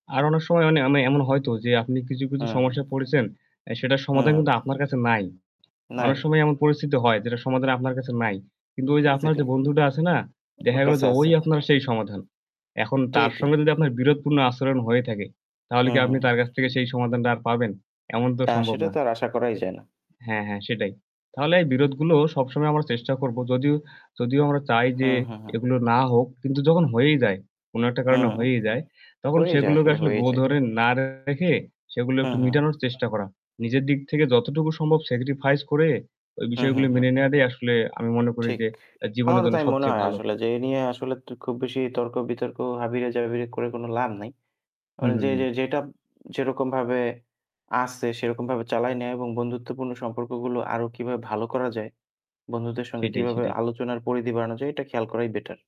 আর অনেক সময় অনি আমি এমন হয়তো যে আপনি কিছু, কিছু, হ্যাঁ, হ্যাঁ। সমস্যায় পড়েছেন, আ সেটার সমাধান হ্যাঁ। কিন্তু আপনার কাছে নাই। নাই। অনেক সময় এমন পরিস্থিতি হয় যেটার সমাধান আপনার কাছে নাই। কিন্তু ঐ যে ঠিক আছে আপনার যে [unintelligible] বন্ধুটা আছে না, আমার দেখা গেল কাছে যে আছে। ওই আপনার সেই সমাধান। এখন তার ঠিকই। সঙ্গে যদি আপনার বিরোধপূর্ণ আচরণ হয়ে থাকে। তাহলে হু, কি হু, আপনি হু। তার কাছ থেকে সেই সমাধানটা আর পাবেন? এমন তো আ সম্ভব সেটা না। তো আর আশা করাই যায় না। হ্যাঁ, হ্যাঁ, সেটাই। তাহলে এই বিরোধগুলো সবসময় আমরা চেষ্টা করব যদিও যদিও আমরা চাই যে, হুম, হু, হু। এগুলো না হোক কিন্তু যখন হয়েই যায়, কোন একটা হুম কারণে হুম, হুম। হয়েই যায় তখন হয়েই যায়, সেগুলোকে আসলে আসলে হয়েই গো যায়। ধরে না রেখে, সেগুলো হুম, একটু হুম। মিটানোর চেষ্টা করা। নিজের দিক থেকে যতটুকু সম্ভব sacrifice করে ওই হুম, বিষয়গুলো হুম, হুম। মেনে নেওয়াটাই আসলে আমি মনে করি ঠিক। যে এ জীবনের আমারও জন্য তাই মনে সবচেয়ে হয় ভালো। আসলে যে, এ নিয়ে আসলে টু খুব বেশি তর্ক বিতর্ক, হাবিয়ে, জাবিয়ে করে কোন লাভ নাই। আ হুম, হুম, যে হুম। যে যেটা যেরকমভাবে আছে সেরকমভাবে চালাই নেওয়া এবং বন্ধুত্বপূর্ণ সম্পর্কগুলো আরও কিভাবে ভালো করা যায়, বন্ধুদের সঙ্গে সেটাই, কিভাবে সেটাই। আলোচনার পরিধি বাড়ানো যায় এটা খেয়াল করাই better।